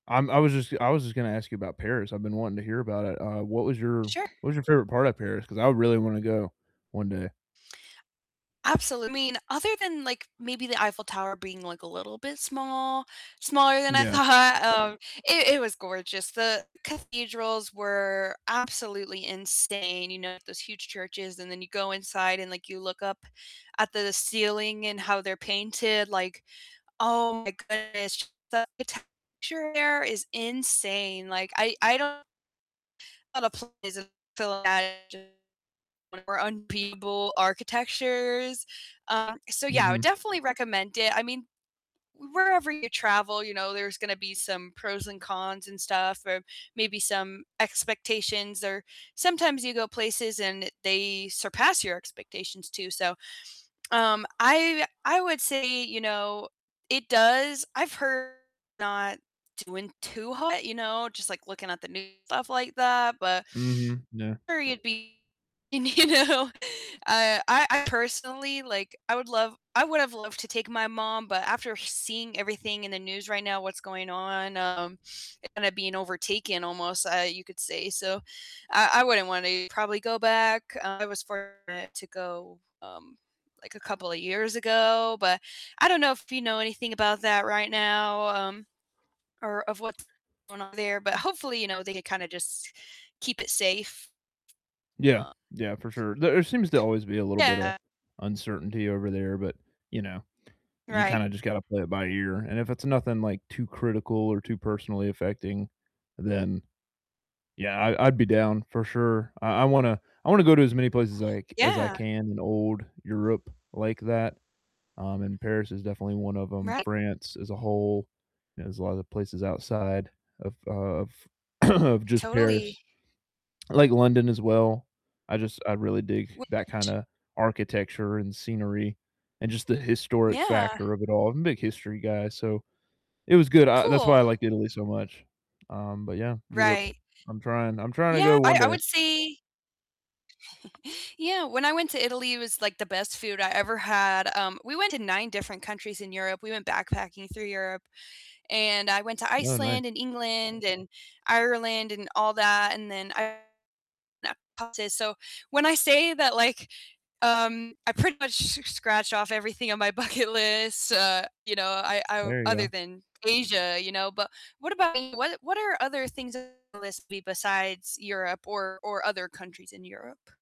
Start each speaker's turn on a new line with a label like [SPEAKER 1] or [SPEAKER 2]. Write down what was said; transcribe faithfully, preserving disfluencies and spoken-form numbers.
[SPEAKER 1] I'm I was just I was just gonna ask you about Paris, I've been wanting to hear about it, uh, what was your what
[SPEAKER 2] Sure.
[SPEAKER 1] was your favorite part of Paris? 'Cause I really wanna go one day.
[SPEAKER 2] Absolute I mean, other than, like, maybe the Eiffel Tower being, like, a little bit small, smaller than
[SPEAKER 1] M
[SPEAKER 2] I
[SPEAKER 1] yeah.
[SPEAKER 2] thought, um, i it was gorgeous, the cathedrals were absolutely insane, you know, those huge churches and then you go inside and, like, you look up at the ceiling and how they're painted, like, oh my goodness, the architecture there is insane, like, I I don't a lot of places [unintelligible] architectures. Uh, so yeah, I would
[SPEAKER 1] Mhm.
[SPEAKER 2] definitely recommend it. I mean, wherever you travel, you know, there's gonna be some pros and cons and stuff or maybe some expectations, or, sometimes you go places and they surpass your expectations too. So, um, I w I would say, you know, it does I've heard not doing too hot, you know, just like looking at the news and stuff like that, but
[SPEAKER 1] Mhm, yeah.
[SPEAKER 2] I'm sure you'd be, y you know Uh, I I personally, like, I would love I would've loved to take my mom, but after seeing everything in the news right now, what's going on, um, it kinda being overtaken almost, uh, you could say, so I I wouldn't wanna probably go back. Uh, I was fortunate to go, um, like, a couple of years ago, but I don't know if you know anything about that right now, um, or of what's going on there, but hopefully, you know, they can kinda just keep it safe.
[SPEAKER 1] Yeah,
[SPEAKER 2] Um,
[SPEAKER 1] yeah, for sure. There, uh, seems to always be a
[SPEAKER 2] [unintelligible]
[SPEAKER 1] little bit of
[SPEAKER 2] yeah.
[SPEAKER 1] uncertainty over there, but, you know, you
[SPEAKER 2] Right.
[SPEAKER 1] kinda just gotta play it by ear, and if it's nothing, like, too critical or too personally affecting, then Yeah, I I'd be down for sure. I I wanna I wanna go to as many places like, as I
[SPEAKER 2] Yeah.
[SPEAKER 1] can in old Europe like that, um, and Paris is definitely one of 'em.
[SPEAKER 2] Right.
[SPEAKER 1] France as a whole, you know, there's a lotta places outside of, uh, of of just
[SPEAKER 2] Totally.
[SPEAKER 1] Paris. I like London as well. I just I really dig
[SPEAKER 2] Which
[SPEAKER 1] that kinda architecture and scenery, and just the historic
[SPEAKER 2] Yeah.
[SPEAKER 1] factor of it all. I'm a big history guy, so it was good. I that's why
[SPEAKER 2] Cool.
[SPEAKER 1] I liked Italy so much, um, but yeah, Europe,
[SPEAKER 2] Right.
[SPEAKER 1] I'm trying I'm trying to
[SPEAKER 2] Yeah,
[SPEAKER 1] go one
[SPEAKER 2] I I
[SPEAKER 1] day.
[SPEAKER 2] would say yeah, when I went to Italy, it was, like, the best food I ever had. Um, we went to nine different countries in Europe. We went backpacking through Europe, and I went to
[SPEAKER 1] Oh, nice.
[SPEAKER 2] Iceland and England and Ireland and all that, and then I [unintelligible] so, when I say that, like, um, I pretty much s scratched off everything on my bucket list, uh, you know, I I
[SPEAKER 1] There you
[SPEAKER 2] other
[SPEAKER 1] go.
[SPEAKER 2] than Asia, you know. But what about you? What what are other things on your list besides Europe or or other countries in Europe?